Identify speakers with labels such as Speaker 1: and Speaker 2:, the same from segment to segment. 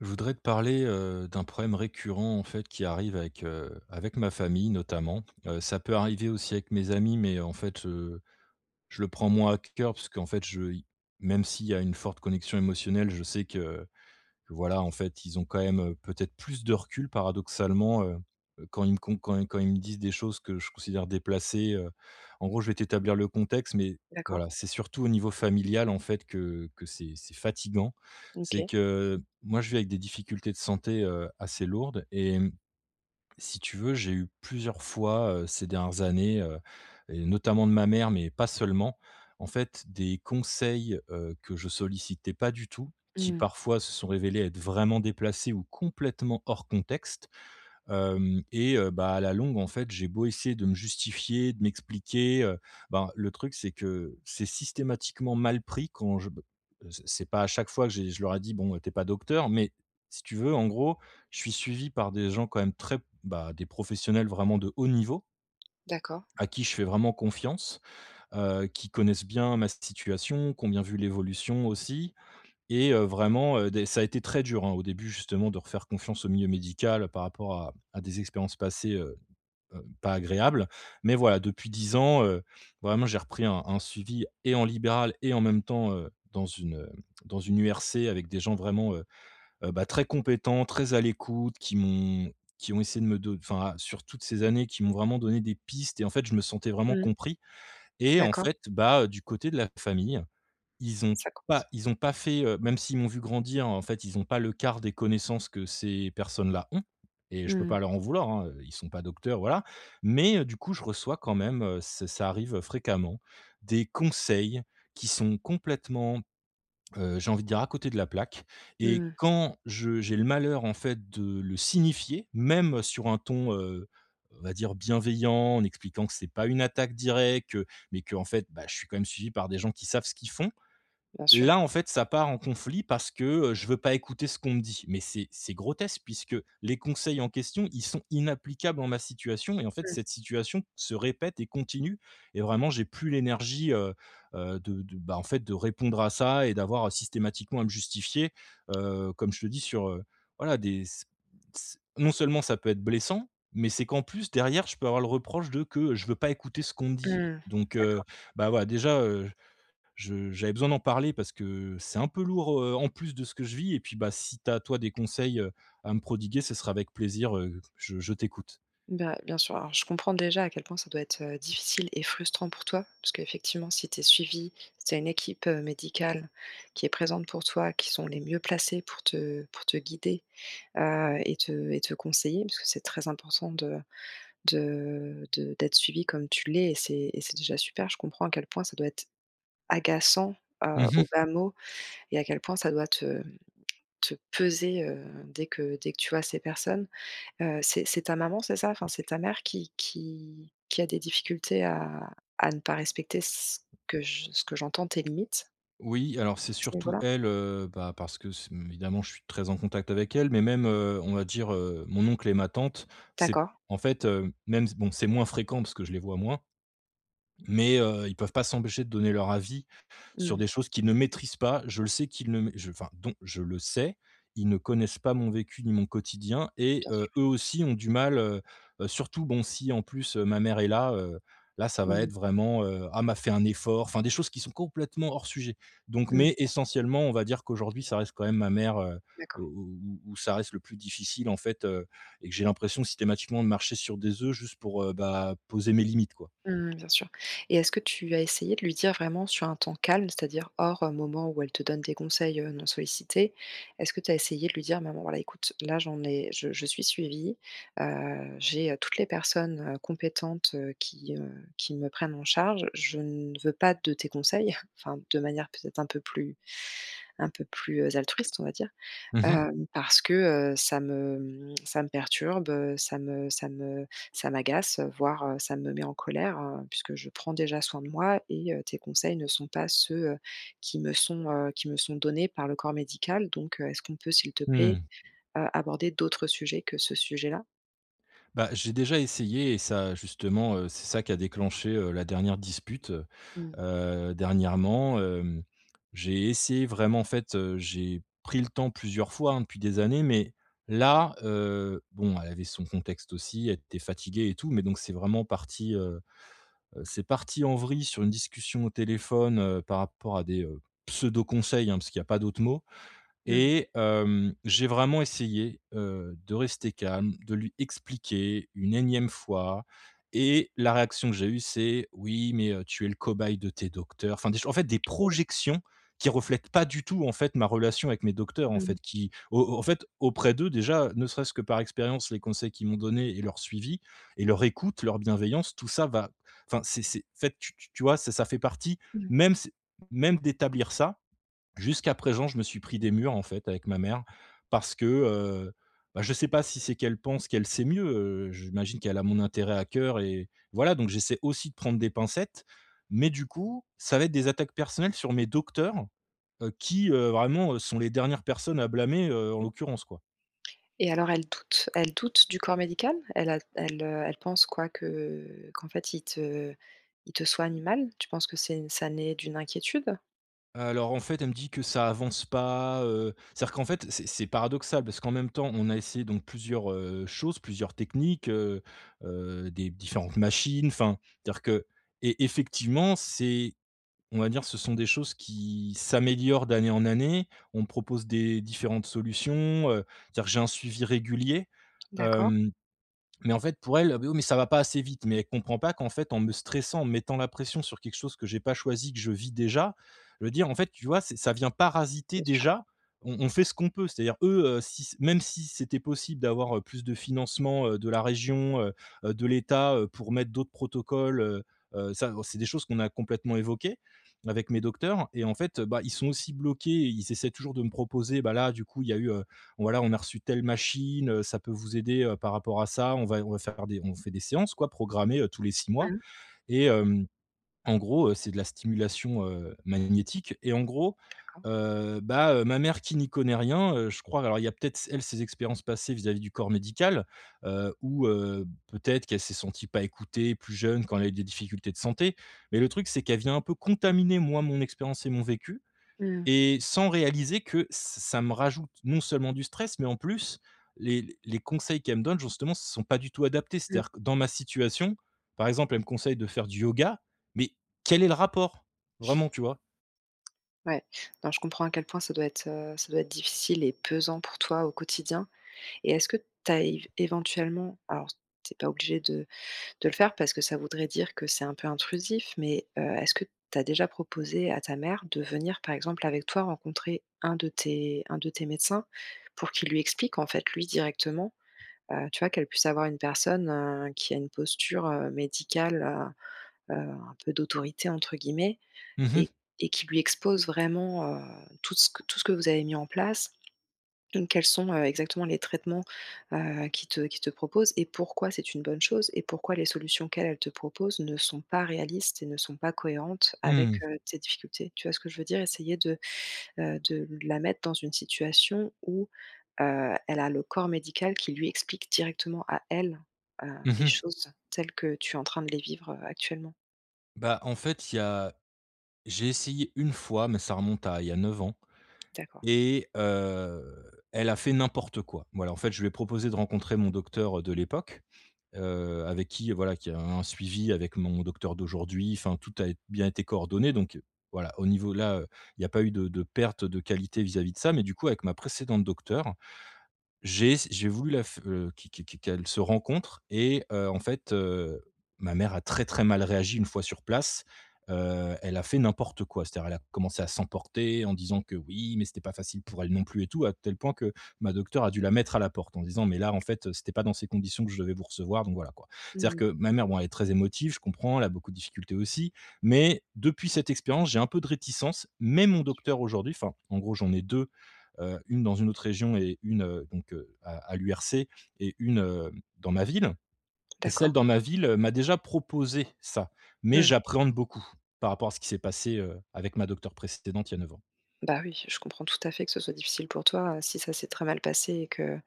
Speaker 1: Je voudrais te parler, heu, d'un problème récurrent, en fait, qui arrive avec, heu, avec ma famille notamment. Heu, ça peut arriver aussi avec mes amis mais, en fait, heu, je le prends moins à c cœur, parce qu'en fait je i même s'il y a une forte connexion émotionnelle, je sais que que voilà, en fait, ils ont quand même, heu, peut-être plus de recul paradoxalement, heu, quand ils me com quand quand ils me disent des choses que je considère déplacées, heu. En gros je vais t'établir le contexte mais,
Speaker 2: D'accord.
Speaker 1: voilà, c'est surtout au niveau familial, en fait, que que c'est c'est fatigant. C'est
Speaker 2: OK.
Speaker 1: que, moi, je vis avec des difficultés de santé, heu, assez lourdes et mmh, si tu veux, j'ai eu plusieurs fois, heu, ces dernières années, heu, et notamment de ma mère mais pas seulement, en fait, des conseils, heu, que je sollicitais pas du tout, qui
Speaker 2: Mmh.
Speaker 1: parfois se sont révélés être vraiment déplacés ou complètement hors contexte. Hem, et heu, ben, à la longue, en fait, j'ai beau essayer de me justifier, de m'expliquer, heu, ben, le truc, c'est que c'est systématiquement mal pris quand je b c c'est pas à chaque fois que j'ai je leur ai dit: «Bon, heu, tu es pas docteur», mais, si tu veux, en gros, je suis suivi par des gens quand même très, bah, des professionnels vraiment de haut niveau
Speaker 2: D'accord.
Speaker 1: à qui je fais vraiment confiance, heu, qui connaissent bien ma situation, qui ont bien vu l'évolution aussi. Et heu, vraiment, heu, des ça a été très dur, hein, au début, justement, de refaire confiance au milieu médical par rapport à à des expériences passées, heu, heu, pas agréables. Mais voilà, depuis 10 ans, heu, vraiment j'ai repris un un suivi, et en libéral, et en même temps, heu, dans une, heu, dans une URC, avec des gens vraiment, heu heu, bah, très compétents, très à l'écoute, qui m'ont qui ont essayé de me do enfin, sur toutes ces années, qui m'ont vraiment donné des pistes et, en fait, je me sentais vraiment
Speaker 2: Mmh.
Speaker 1: compris. Et en
Speaker 2: D'accord.
Speaker 1: fait, bah, du côté de la famille, ils ont
Speaker 2: Ça coince.
Speaker 1: pas ils ont pas fait, heu même s'ils m'ont vu grandir, en fait, ils ont pas le quart des connaissances que ces personnes-là ont. Et je peux pas
Speaker 2: Mmh.
Speaker 1: leur en vouloir, hein, heu, ils sont pas docteurs, voilà. Mais, heu, du coup, je reçois quand même, heu c'est ça arrive fréquemment, des conseils qui sont complètement, heu, j'ai envie de dire, à côté de la plaque. Et
Speaker 2: Mmh.
Speaker 1: quand je j'ai le malheur, en fait, de le signifier, même sur un ton, heu, on va dire bienveillant, en expliquant que c'est pas une attaque directe, mais qu'en fait, bah je suis quand même suivi par des gens qui savent ce qu'ils font,
Speaker 2: Bien sûr.
Speaker 1: là, en fait, ça part en conflit parce que, heu, je veux pas écouter ce qu'on me dit! Mais c'est c'est grotesque puisque les conseils en question, ils sont inapplicables en ma situation et, en fait,
Speaker 2: Mmh.
Speaker 1: cette situation se répète et continue et vraiment, j'ai plus l'énergie, heu, heu, de de, ben, en fait, de répondre à ça et d'avoir systématiquement à me justifier, heu, comme je te dis, sur heu, voilà, des c c non seulement ça peut être blessant, mais c'est qu'en plus derrière je peux avoir le reproche de que je veux pas écouter ce qu'on me dit.
Speaker 2: Mmh.
Speaker 1: Donc, heu,
Speaker 2: D'accord.
Speaker 1: bah, voilà, déjà, heu, je j'avais besoin d'en parler parce que c'est un peu lourd, heu, en plus de ce que je vis. Et puis, bah, si tu as toi, des conseils, heu, à me prodiguer, ce sera avec plaisir, heu, je je t'écoute.
Speaker 2: Bah, bien sûr, alors je comprends déjà à quel point ça doit être, heu, difficile et frustrant pour toi, parce qu'effectivement si tu es suivi, si tu as une équipe, heu, médicale qui est présente pour toi, qui sont les mieux placées pour te pour te guider, heu, et te et te conseiller, parce que c'est très important de de de d'être suivi comme tu l'es. Et c'est et c'est déjà super, je comprends à quel point ça doit être agaçant,
Speaker 1: Mmh
Speaker 2: heu, au
Speaker 1: mh.
Speaker 2: bas mot et à quel point ça doit te te peser, heu, dès que dès que tu vois ces personnes. Heu, c'est c'est ta maman, c'est ça? Enfin, c'est ta mère qui qui qui a des difficultés à à ne pas respecter c ce que j ce que j'entends, tes limites
Speaker 1: Oui, alors c'est
Speaker 2: à ce niveau
Speaker 1: surtout
Speaker 2: là?
Speaker 1: elle, heu, bah, parce que ç hem, évidemment, je suis très en contact avec elle mais même, heu, on va dire, heu, mon oncle et ma tante. C'est
Speaker 2: D'accord.
Speaker 1: en fait, heu, même s bon, c'est moins fréquent parce que je les vois moins. Mais, heu, ils peuvent pas s'empêcher de donner leur avis sur
Speaker 2: Mmh.
Speaker 1: des choses qu'ils ne maîtrisent pas. Je le sais qu'ils ne mai je enfin dont, je le sais, ils ne connaissent pas mon vécu ni mon quotidien et
Speaker 2: Bien
Speaker 1: heu,
Speaker 2: sûr.
Speaker 1: eux aussi, ont du mal, heu heu surtout bon, si en plus, heu, ma mère est là, heu, là ça va
Speaker 2: Mmh
Speaker 1: être
Speaker 2: mh.
Speaker 1: vraiment, heu: «Ah mais fait un effort», enfin des choses qui sont complètement hors sujet. Donc
Speaker 2: Mmh.
Speaker 1: mais essentiellement, on va dire, qu'aujourd'hui ça reste quand même ma mère, heu, où
Speaker 2: D'accord.
Speaker 1: où où ça reste le plus difficile en fait, heu, et que j'ai l'impression systématiquement de marcher sur des œufs juste pour, heu, bah, poser mes limites quoi.
Speaker 2: Mmh mh. Bien sûr. Et est-ce que tu as essayé de lui dire vraiment sur un temps calme, c'est-à-dire hors, heu, moment où elle te donne des conseils, heu, non sollicités? Est-ce que tu as essayé de lui dire: «Maman, voilà, écoute là j'en ai je je suis suivi, heu, j'ai, heu, toutes les personnes, heu, compétentes, heu, qui, heu, qui me prennent en charge, je ne veux pas de tes conseils» enfin de manière peut-être un peu plus un peu plus, heu, altruiste, on va dire.
Speaker 1: Mmh mh.
Speaker 2: «Hem, parce que, heu, ça me, hem, ça me perturbe, heu, ça me ça me ça m'agace, voire, heu, ça me met en colère, heu, puisque je prends déjà soin de moi et heu, tes conseils ne sont pas ceux, heu, qui me sont, heu, qui me sont donnés par le corps médical. Donc heu, est-ce qu'on peut, s'il te plaît,
Speaker 1: Mmh.
Speaker 2: heu, aborder d'autres sujets que ce sujet là?»
Speaker 1: Bah, j'ai déjà essayé et ça, justement, heu, c'est ça qui a déclenché, heu, la dernière dispute.
Speaker 2: Mmh.
Speaker 1: Heu, dernièrement, hem, j'ai essayé vraiment, en fait, heu, j'ai pris le temps plusieurs fois, hein, depuis des années mais là, heu bon elle avait son contexte aussi, elle était fatiguée et tout. Mais donc c'est vraiment parti, heu heu, c'est parti en vrille sur une discussion au téléphone, heu, par rapport à des, heu, pseudos conseils, hein, parce qu'il y a pas d'autre mot.
Speaker 2: Mmh.
Speaker 1: Et hem, j'ai vraiment essayé, heu, de rester calme, de lui expliquer une énième fois. Et la réaction que j'ai eue c'est: «Oui, mais, heu, tu es le cobaye de tes docteurs», enfin des cho en fait, des
Speaker 2: OK.
Speaker 1: projections qui reflètent pas du tout, en fait, ma relation avec mes docteurs, en
Speaker 2: Mmh mh.
Speaker 1: fait. Qui au au en fait, auprès d'eux, déjà, ne serait-ce que par expérience, les conseils qu'ils m'ont donné et leur suivi et leur écoute, leur bienveillance tout ça, va enfin, c'est c'est en fait, tu tu tu vois? C'est ça fait partie
Speaker 2: Mmh.
Speaker 1: même, ç même d'établir ça, jusqu'à présent, je me suis pris des murs, en fait, avec ma mère parce que, heu, bah, je sais pas si c'est qu'elle pense qu'elle sait mieux, heu, j'imagine qu'elle a mon intérêt à coeur et voilà, donc j'essaie aussi de prendre des pincettes mais, du coup, ça va être des attaques personnelles sur mes docteurs, heu, qui, heu, vraiment, heu, sont les dernières personnes à blâmer, heu, en l'occurrence quoi.
Speaker 2: Et alors elle doute elle doute du corps médical? Elle a l elle, heu, elle pense quoi? Que qu'en fait ils te ils te soignent mal? Tu penses que c'est une ça naît d'une inquiétude?
Speaker 1: Alors en fait, elle me dit que: «ça avance pas, heu,» c'est-à-dire qu'en fait c'est c'est paradoxal. Parce qu'en même temps, on a essayé donc plusieurs, heu, choses, plusieurs techniques, heu, heu, des b différentes machines, enfin dire que et effectivement c'est on va dire ce sont des choses qui s'améliorent d'année en année, on me propose des différentes solutions, heu, dire, j'ai un suivi régulier.
Speaker 2: D'accord.
Speaker 1: Hem, mais en fait pour elle «Oh, beh, oui, mais ça va pas assez vite». Mais elle comprend pas qu'en fait en me stressant, en me mettant la pression sur quelque chose que j'ai pas choisi, que je vis déjà, le dire en fait, tu vois c'est ça vient parasiter
Speaker 2: Bien sûr.
Speaker 1: déjà, on on fait ce qu'on peut. C'est-à-dire eux, heu, si s même si c'était possible d'avoir, heu, plus de financement, heu, de la région, heu, heu, de l'état, heu, pour mettre d'autres protocoles, heu, heu, ça bon c'est des choses qu'on a complètement évoquées avec mes docteurs. Et en fait, heu, bah, ils sont aussi bloqués et ils essaient toujours de me proposer, bah, là du coup il y a eu, heu, voilà, on a reçu telle machine, heu, ça peut vous aider, heu, par rapport à ça, on va on va faire des on vous fait des séances quoi programmées, heu, tous les 6 mois.
Speaker 2: Mmh.
Speaker 1: Et hem, en gros, heu, c'est de la stimulation, heu, magnétique et en gros,
Speaker 2: D'accord.
Speaker 1: heu, bah, heu, ma mère qui n'y connaît rien, heu, je crois alors il y a peut-être s elle ses expériences passées vis-à-vis du corps médical, heu, ou heu, peut-être qu'elle s'est sentie pas écoutée, plus jeune quand elle a eu des difficultés de santé. Mais le truc, c'est qu'elle vient un peu contaminer moi mon expérience et mon vécu
Speaker 2: Mmh.
Speaker 1: et sans réaliser que ç ça me rajoute non seulement du stress, mais en plus les les conseils qu'elle me donne justement sont pas du tout adaptés.
Speaker 2: Mmh.
Speaker 1: C'est-à-dire que dans ma situation, par exemple elle me conseille de faire du yoga, mais quel est le rapport? Vraiment, tu vois?
Speaker 2: Ouais. Non, je comprends à quel point ça doit être, heu, ça doit être difficile et pesant pour toi au quotidien. Et est-ce que tu as év éventuellement, alors tu es pas obligé de de le faire parce que ça voudrait dire que c'est un peu intrusif, mais heu, est-ce que tu as déjà proposé à ta mère de venir par exemple avec toi rencontrer un de tes un de tes médecins, pour qu'il lui explique en fait lui directement, heu, tu vois? Qu'elle puisse avoir une personne, heu, qui a une posture, heu, médicale, heu, heu, un peu d'autorité entre guillemets
Speaker 1: Mmh mh.
Speaker 2: et et qui lui expose vraiment, heu, tout que ce tout ce que vous avez mis en place. Donc, quels sont, heu, exactement les traitements, heu, qu'ils te qu'ils te proposent et pourquoi, c'est une bonne chose et pourquoi les solutions qu'elle elle te propose ne sont pas réalistes et ne sont pas cohérentes avec,
Speaker 1: Mmh.
Speaker 2: heu, tes difficultés? Tu vois ce que je veux dire? Essayer de, heu, de la mettre dans une situation où, heu, elle a le corps médical qui lui explique directement à elle, heu,
Speaker 1: Mmh
Speaker 2: les
Speaker 1: mh.
Speaker 2: choses telles que tu es en train de les vivre, heu, actuellement.
Speaker 1: Bah, en fait, il y a j'ai essayé une fois, mais ça remonte à il y a 9 ans
Speaker 2: D'accord.
Speaker 1: et, heu, elle a fait n'importe quoi. Voilà, en fait, je lui ai proposé de rencontrer mon docteur, heu, de l'époque, heu, avec qui voilà qui a un suivi avec mon docteur d'aujourd'hui, enfin tout a ét bien été coordonné, donc, heu, voilà, au niveau là, heu, il y a pas eu de de perte de qualité vis-à-vis de ça. Mais du coup avec ma précédente docteure, j'ai ess j'ai voulu la f heu, qu qu qu qu'elles se rencontrent et, heu, en fait, heu, ma mère a très très mal réagi une fois sur place, heu, elle a fait n'importe quoi. C'est-à-dire, elle a commencé à s'emporter, en disant que: «Oui, mais c'était pas facile pour elle non plus et tout,» à tel point que ma docteure a dû la mettre à la porte. En disant: «Mais là en fait, heu, c'était pas dans ces conditions que je devais vous recevoir, donc voilà quoi».
Speaker 2: Mmh
Speaker 1: C'est-à-dire
Speaker 2: mh.
Speaker 1: que ma mère, bon, elle est très émotive, je comprends, elle a beaucoup de difficultés aussi, mais depuis cette expérience, j'ai un peu de réticence. Mais mon
Speaker 2: Bien sûr.
Speaker 1: docteur aujourd'hui, enfin en gros, j'en ai 2, heu, une dans une autre région et une, heu, donc, heu, à à l'URC et une, heu, dans ma ville et
Speaker 2: D'accord.
Speaker 1: celle dans ma ville, heu, m'a déjà proposé ça. Mais
Speaker 2: Mmh.
Speaker 1: j'appréhende beaucoup, par rapport à ce qui s'est passé, heu, avec ma docteure précédente il y a 9 ans.
Speaker 2: Bah, oui, je comprends tout à fait que ce soit difficile pour toi, heu, si ça s'est très mal passé et que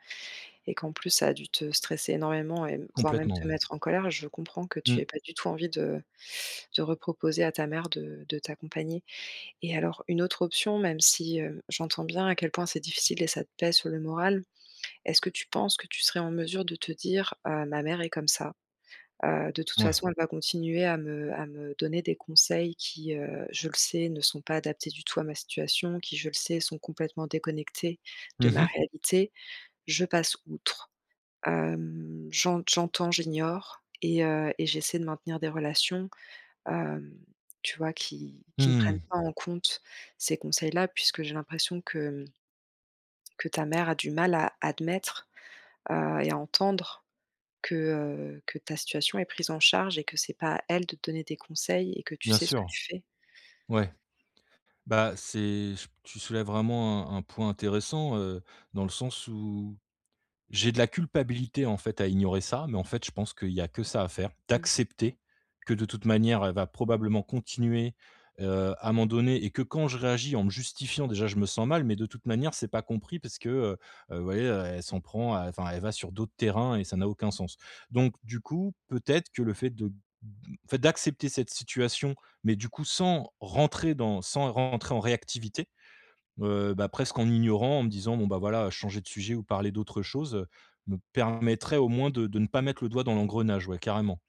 Speaker 2: et qu'en plus ça a dû te stresser énormément et m voire même
Speaker 1: Complètement
Speaker 2: te
Speaker 1: ouais.
Speaker 2: mettre en colère. Je comprends que tu
Speaker 1: Mmh.
Speaker 2: aies pas du tout envie de de reproposer à ta mère de de t'accompagner. Et alors une autre option même si, hem, j'entends bien à quel point c'est difficile et ça te pèse sur le moral, est-ce que tu penses que tu serais en mesure de te dire, heu, ma mère est comme ça. Heu, de toute
Speaker 1: Ouais.
Speaker 2: façon, elle va continuer à me à me donner des conseils qui, heu, je le sais ne sont pas adaptés du tout à ma situation, qui je le sais sont complètement déconnectés de
Speaker 1: Mmh
Speaker 2: ma
Speaker 1: mh.
Speaker 2: réalité, je passe outre, hem, j'ent j'entends, j'ignore et heu, et j'essaie de maintenir des relations, hem, tu vois? Qui qui ne prennent
Speaker 1: Mmh.
Speaker 2: pas en compte ces conseils-là, puisque j'ai l'impression que mmh que ta mère a du mal à admettre, heu, et à entendre que, heu, que ta situation est prise en charge et que c'est pas à elle de te donner des conseils et que tu
Speaker 1: Bien
Speaker 2: sais ce que
Speaker 1: sûr.
Speaker 2: tu fais.
Speaker 1: Ouais. Bah, c'est ch tu soulèves vraiment un un point intéressant, heu, dans le sens où j'ai de la culpabilité en fait à ignorer ça, mais en fait, je pense qu'il y a que ça à faire.
Speaker 2: Mmh.
Speaker 1: D'accepter, que de toute manière, elle va probablement continuer, heu, à m'en donner et que quand je réagis en me justifiant déjà, je me sens mal, mais de toute manière c'est pas compris parce que, heu, heu, vous voyez, heu, elle s'en prend à enfin elle va sur d'autres terrains et ça n'a aucun sens. Donc du coup peut-être que le fait de b le fait d'accepter cette situation, mais du coup sans rentrer dans sans rentrer en réactivité, heu, bah, presque en ignorant, en me disant bon, bah, voilà changer de sujet ou parler d'autre chose, heu, me permettrait au moins de de ne pas mettre le doigt dans l'engrenage, ouais carrément.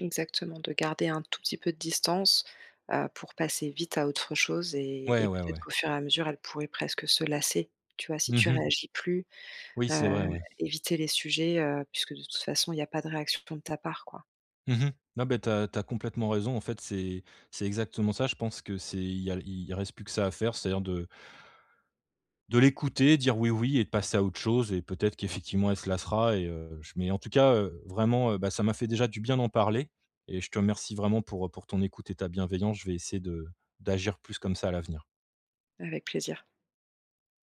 Speaker 2: Exactement, de garder un tout petit peu de distance, heu, pour passer vite à autre chose et
Speaker 1: Ouais,
Speaker 2: et
Speaker 1: ouais,
Speaker 2: peut-être
Speaker 1: ouais.
Speaker 2: qu'au fur et à mesure elle pourrait presque se lasser, tu vois? Si
Speaker 1: Mmh
Speaker 2: tu
Speaker 1: mh.
Speaker 2: réagis plus,
Speaker 1: Oui c'est vrai
Speaker 2: heu,
Speaker 1: ouais.
Speaker 2: éviter les sujets, heu, puisque de toute façon, il y a pas de réaction de ton de ta part quoi.
Speaker 1: Mmh mh. Non, beh, tu as tu as complètement raison en fait, c'est c'est exactement ça. Je pense que c'est il y a il reste plus que ça à faire, c'est-à-dire de de l'écouter, dire oui, oui et de passer à autre chose et peut-être qu'effectivement elle se lassera et, heu, je mais en tout cas, heu, vraiment, heu, bah, ça m'a fait déjà du bien d'en parler et je te remercie vraiment pour, heu, pour ton écoute et ta bienveillance, je vais essayer de d'agir plus comme ça à l'avenir.
Speaker 2: Avec plaisir.